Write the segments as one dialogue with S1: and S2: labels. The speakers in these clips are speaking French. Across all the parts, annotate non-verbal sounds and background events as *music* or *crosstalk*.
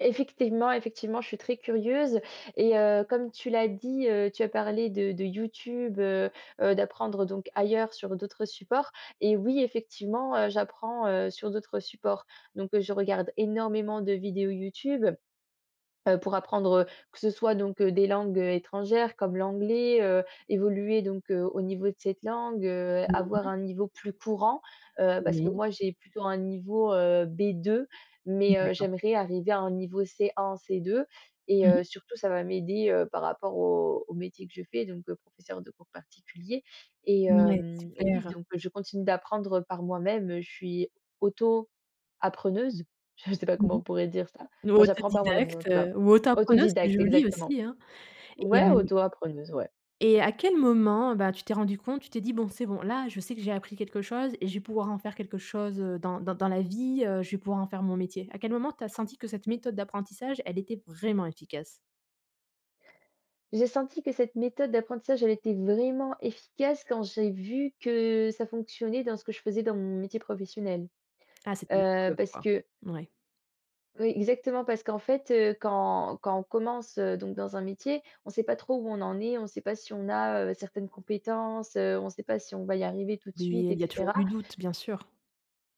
S1: Effectivement, effectivement je suis très curieuse et heu, comme tu l'as dit, heu, tu as parlé de de YouTube, heu heu, d'apprendre donc ailleurs, sur d'autres supports et oui effectivement, heu, j'apprends, heu, sur d'autres supports. Donc heu, je regarde énormément de vidéos YouTube, heu, pour apprendre, heu, que ce soit donc, heu, des langues étrangères comme l'anglais, heu, évoluer donc au niveau de cette langue, heu,
S2: Mmh
S1: avoir
S2: mh.
S1: un niveau plus courant, heu, parce que
S2: Oui.
S1: moi, j'ai plutôt un niveau, heu, B2, mais, heu,
S2: D'accord.
S1: j'aimerais arriver à un niveau C1, C2 et
S2: Mmh mh.
S1: heu, surtout ça va m'aider, heu, par rapport au au métier que je fais, donc heu, professeur de cours particuliers et
S2: Mouais,
S1: hem et oui.
S2: super.
S1: Donc je continue d'apprendre par moi-même. Je suis auto appreneuse, je sais pas
S2: Mmh
S1: comment
S2: mh.
S1: on pourrait dire ça,
S2: Ou
S1: enfin j'apprends par moi-même, en
S2: autodidacte,
S1: tout cas.
S2: heu, ou auto appreneuse, c'est
S1: Autodidacte
S2: joli,
S1: exactement.
S2: aussi, hein. Et
S1: Ouais
S2: hem
S1: auto-appreneuse, ouais.
S2: et à quel moment, bah, tu t'es rendue compte, tu t'es dit: «Bon, c'est bon, là, je sais que j'ai appris quelque chose et je vais pouvoir en faire quelque chose, heu, dans dans dans la vie, heu, je vais pouvoir en faire mon métier»? À quel moment, tu as senti que cette méthode d'apprentissage, elle était vraiment efficace?
S1: J'ai senti que cette méthode d'apprentissage, elle était vraiment efficace quand j'ai vu que ça fonctionnait dans ce que je faisais dans mon métier professionnel.
S2: Ah, c'était une
S1: Heu,
S2: preuve,
S1: parce
S2: quoi.
S1: que
S2: Mouais.
S1: oui, exactement parce qu'en fait, heu, quand quand on commence, heu donc dans un métier, on sait pas trop où on en est, on sait pas si on a, heu, certaines compétences, heu, on sait pas si on va y arriver tout de
S2: Oui,
S1: suite et
S2: il y a toujours
S1: cetera.
S2: du doute, bien sûr.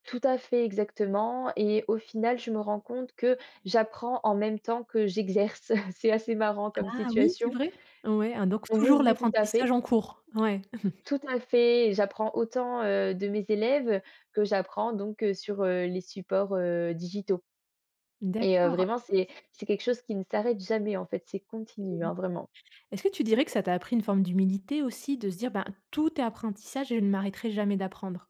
S1: Tout à fait, exactement et au final, je me rends compte que j'apprends en même temps que j'exerce. *chuckles* C'est assez marrant comme
S2: Ah oui, c'est
S1: situation.
S2: vrai? Ouais, hein donc
S1: Oui,
S2: toujours
S1: oui, tout à
S2: l'apprentissage
S1: fait.
S2: en cours? Ouais. *chuckles*
S1: Tout à fait et j'apprends autant, heu, de mes élèves que j'apprends donc, heu, sur, heu, les supports, heu, digitaux et heu,
S2: D'accord.
S1: vraiment c'est c'est quelque chose qui ne s'arrête jamais, en fait, c'est continu,
S2: Et
S1: hein, vraiment.
S2: est-ce que tu dirais que ça t'a appris une forme d'humilité aussi, de se dire, ben: «Tout est apprentissage et je ne m'arrêterai jamais d'apprendre»?